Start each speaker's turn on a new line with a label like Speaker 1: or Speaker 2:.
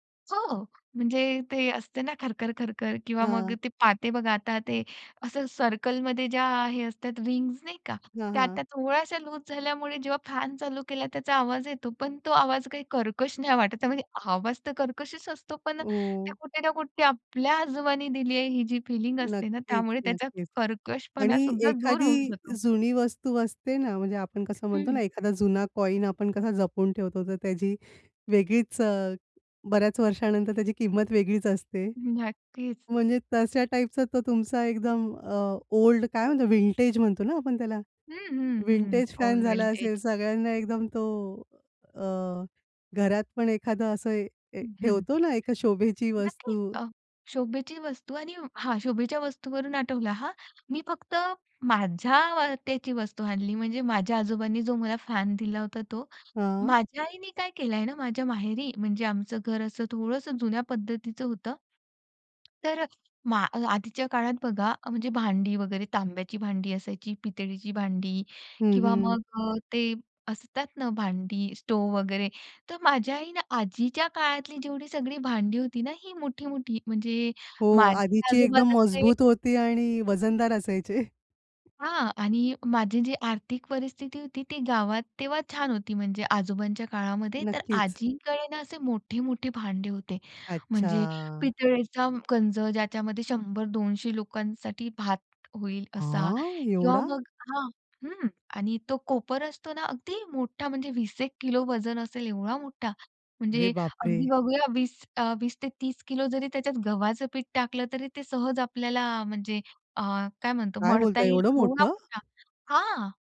Speaker 1: हो, म्हणजे ते असते ना खरखर, खरखर. किंवा मग
Speaker 2: हं.
Speaker 1: ते पाते बघा, आता ते असं सर्कलमध्ये ज्या हे असतात रिंग्स नाही का,
Speaker 2: हां,
Speaker 1: त्या
Speaker 2: हां.
Speaker 1: आता थोड्याश्या लूज झाल्यामुळे जेव्हा फॅन चालू केला त्याचा आवाज येतो, पण तो आवाज काही कर्कश नाही वाटत. त्यामध्ये आवाज तर कर्कशच असतो, पण ते
Speaker 2: ओ.
Speaker 1: कुठे ना कुठे आपल्या आजोबांनी दिली आहे ही जी फिलिंग असते ना,
Speaker 2: नक्कीच,
Speaker 1: त्यामुळे त्याचा
Speaker 2: नक्कीच.
Speaker 1: कर्कशपणा
Speaker 2: आणि
Speaker 1: सुद्धा दूर
Speaker 2: एखादी
Speaker 1: होऊन जातो.
Speaker 2: जुनी वस्तू असते ना, म्हणजे आपण कसं म्हणतो ना,
Speaker 1: हं.
Speaker 2: एखादा जुना कॉइन आपण कसा जपून ठेवतो. तर त्याची वेगळीच अ, बऱ्याच वर्षानंतर त्याची किंमत वेगळीच असते.
Speaker 1: नक्कीच.
Speaker 2: म्हणजे तश्या टाइपचा तो तुमचा एकदम अ, ओल्ड काय म्हणतो, विंटेज म्हणतो ना आपण त्याला?
Speaker 1: हं, हं, हं.
Speaker 2: विंटेज फॅन
Speaker 1: ओल्ड
Speaker 2: झाला
Speaker 1: विंटेज.
Speaker 2: असेल, सगळ्यांना एकदम तो अ, घरात पण एखादं असं ए ठेवतो ना, एक शोभेची
Speaker 1: नक्कीच!
Speaker 2: वस्तू.
Speaker 1: अ, शोभेची वस्तू आणि हां, शोभेच्या वस्तूंवरून आठवलं हां. मी फक्त माझ्या त्याची वस्तू आणली, म्हणजे माझ्या आजोबांनी जो मला फॅन दिला होता तो.
Speaker 2: हां.
Speaker 1: माझ्या आईनी काय केलंय ना, माझ्या माहेरी, म्हणजे आमचं घर असं थोडंसं जुन्या पद्धतीच होतं. तर अ, आधीच्या काळात बघा, म्हणजे भांडी वगैरे तांब्याची भांडी असायची, पितळीची भांडी,
Speaker 2: हं,
Speaker 1: किंवा मग
Speaker 2: हं.
Speaker 1: अ, ते असतात ना भांडी, स्टोव वगैरे, तर माझ्या आईनं आजीच्या काळातली जेवढी सगळी भांडी होती ना, ही मोठी-मोठी, म्हणजे,
Speaker 2: हो,
Speaker 1: माझी
Speaker 2: आधीची
Speaker 1: आजोबा
Speaker 2: एकदम
Speaker 1: तसे
Speaker 2: मजबूत होती आणि वजनदार असायचे.
Speaker 1: हां आणि माझी जी आर्थिक परिस्थिती होती ती गावात तेव्हा छान होती. म्हणजे, आजोबांच्या काळामध्ये, तर
Speaker 2: नक्कीच.
Speaker 1: आजींकडे ना असे मोठे-मोठे भांडे होते. म्हणजे,
Speaker 2: अच्छा!
Speaker 1: पितळेचा गंज, ज्याच्यामध्ये 100-200 लोकांसाठी भात होईल असा.
Speaker 2: हां,
Speaker 1: किंवा
Speaker 2: एवढा!
Speaker 1: मग हां, हं. आणि तो कोपर असतो ना, अगदी मोठा म्हणजे 20-1 किलो वजन असेल एवढा मोठा! म्हणजे
Speaker 2: अरे
Speaker 1: अगदी
Speaker 2: बापरे!
Speaker 1: बघूया 20, 20 ते 30 किलो जरी त्याच्यात गव्हाचं पीठ टाकलं तरी ते सहज आपल्याला म्हणजे अ, काय म्हणतो
Speaker 2: काय
Speaker 1: मळता
Speaker 2: बोलताय?
Speaker 1: येईल,
Speaker 2: एवढं
Speaker 1: एवढा
Speaker 2: मोठं!
Speaker 1: मोठा. [unintelligible] हां!